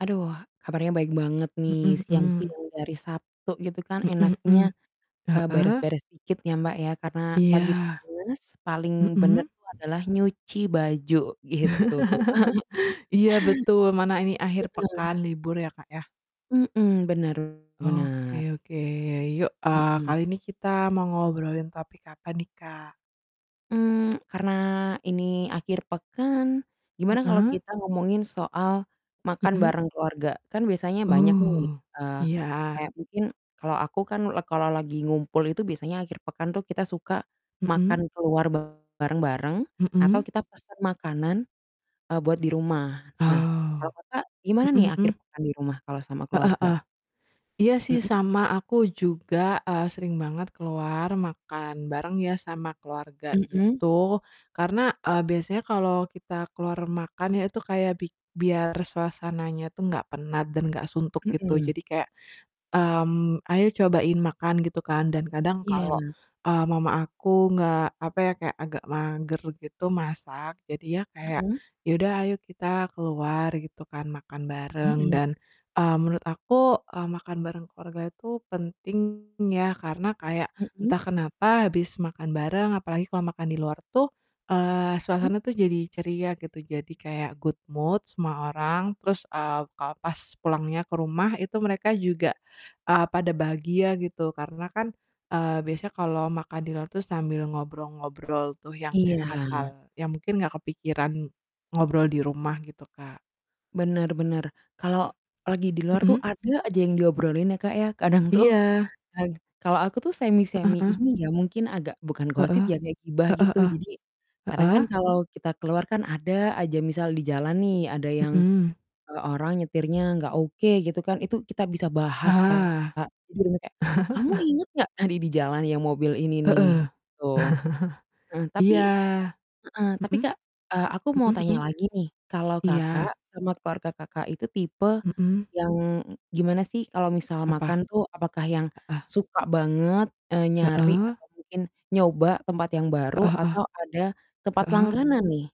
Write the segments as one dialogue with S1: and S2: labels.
S1: Aduh, kabarnya baik banget nih.
S2: Mhm
S1: Siang
S2: mhm.
S1: siang di hari Sabtu gitu kan
S2: Mhm
S1: enaknya,
S2: mhm.
S1: eee,
S2: Heeh?
S1: beres-beres dikit ya, Mbak, ya karena lagi
S2: Iya.
S1: panas, paling benar
S2: Mhm.
S1: tuh adalah nyuci baju gitu.
S2: Iya, betul, mana ini akhir
S1: Heeh.
S2: pekan libur ya, Kak, ya?
S1: Mhm, benar benar.
S2: Oke oke. Yuk, eee,
S1: Mhm.
S2: kali ini kita mau ngobrolin topik apa nih, Kak?
S1: Mmm, karena ini akhir pekan, gimana kalau
S2: Heeh.
S1: kita ngomongin soal makan
S2: Mhm.
S1: bareng keluarga? Kan biasanya banyak nih,
S2: Oh,
S1: eee,
S2: iya.
S1: kayak mungkin kalau aku kan lag kalau lagi ngumpul itu biasanya akhir pekan tuh kita suka makan
S2: Mhm.
S1: keluar bareng bareng, atau
S2: Mhm.
S1: kita pesan makanan, eee, buat di rumah. Nah, kalau
S2: Oh.
S1: Kakak gimana nih
S2: Mhm
S1: akhir
S2: mhm.
S1: pekan di rumah kalau sama
S2: Heeh
S1: keluarga?
S2: heeh. Iya sih
S1: Mhm.
S2: sama, aku juga, eee, sering banget keluar makan bareng ya sama keluarga
S1: Mhm.
S2: gitu. Karena, eee, biasanya kalau kita keluar makan ya itu kayak bik biar suasananya tuh nggak penat dan nggak suntuk gitu.
S1: Mhm.
S2: Jadi kayak, mmm, "Ayo cobain makan." Gitu kan, dan kadang kalau,
S1: Iya.
S2: eee, mama aku nggak, apa ya kayak agak mager gitu masak, jadi ya kayak,
S1: Mhm.
S2: "Ya udah, ayo kita keluar," gitu kan, "makan bareng."
S1: Mhm.
S2: Dan, mmm, menurut aku, eee, makan bareng keluarga itu penting ya, karena kayak
S1: Mhm.
S2: entah kenapa habis makan bareng, apalagi kalau makan di luar tuh, eee,
S1: Mhm.
S2: suasananya tuh jadi ceria gitu. Jadi kayak good mood semua orang, terus, eee, kalo pas pulangnya ke rumah, itu mereka juga, eee, pada bahagia gitu. Karena kan, eee, biasanya kalau makan di luar tuh sambil ngobrol-ngobrol tuh yang kayak hal-hal
S1: Iya.
S2: yang mungkin nggak kepikiran ngobrol di rumah, gitu, Kak.
S1: Benar benar. Kalau lagi di luar tuh
S2: Mhm.
S1: ada aja yang diobrolin ya, Kak, ya? Kadang tuh,
S2: Iya.
S1: ag kalau aku tuh
S2: Heeh
S1: semi-semi
S2: heeh.
S1: ini ya, mungkin agak bukan gosip
S2: Heeh.
S1: ya, kayak gibah
S2: Heeh
S1: gitu.
S2: heeh.
S1: Jadi kadang kan
S2: Heeh.
S1: kalau kita keluar kan ada aja misal di jalan nih ada yang,
S2: Mhm.
S1: eee, orang nyetirnya enggak oke gitu kan, itu kita bisa bahas, Kak.
S2: Ah!
S1: Jadi bener-bener kayak, "Kamu ingat gak tadi di jalan yang mobil ini
S2: Heeh.
S1: nih?" Gitu. Heeh, tapi
S2: Iya.
S1: heeh, tapi,
S2: Mhm.
S1: Kak, eee, aku mau
S2: Mhm
S1: tanya
S2: mhm.
S1: lagi nih, kalau Kakak
S2: Iya.
S1: sama keluarga Kakak itu tipe
S2: Mhm.
S1: yang gimana sih kalau misal
S2: Apa?
S1: makan tuh? Apakah yang
S2: Heeh.
S1: suka banget, eee, nyari
S2: Heeh.
S1: atau mungkin nyoba tempat yang baru
S2: Heeh heeh.
S1: atau ada tempat
S2: Heeh.
S1: langganan nih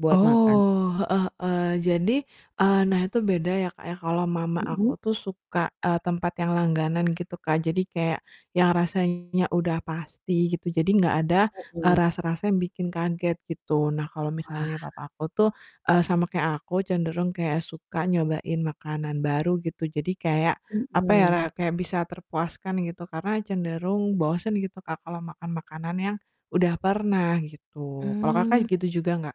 S1: buat makan?
S2: Oh, heeh heeh. Jadi eee, nah itu beda ya, Kak, ya kalau mama aku
S1: Mhm.
S2: tuh suka, eee, tempat yang langganan gitu, Kak. Jadi kayak yang rasanya udah pasti gitu. Jadi nggak ada, eee,
S1: Mhm.
S2: rasa-rasa yang bikin kaget gitu. Nah kalau
S1: Wah.
S2: misalnya papa aku tuh, eee, sama kayak aku, cenderung kayak suka nyobain makanan baru gitu. Jadi kayak apa ya,
S1: Mmm.
S2: ra kayak bisa terpuaskan gitu. Karena cenderung bosen gitu, Kak, kalau makan makanan yang udah pernah gitu. Kalau
S1: Mmm.
S2: Kakak gitu juga nggak?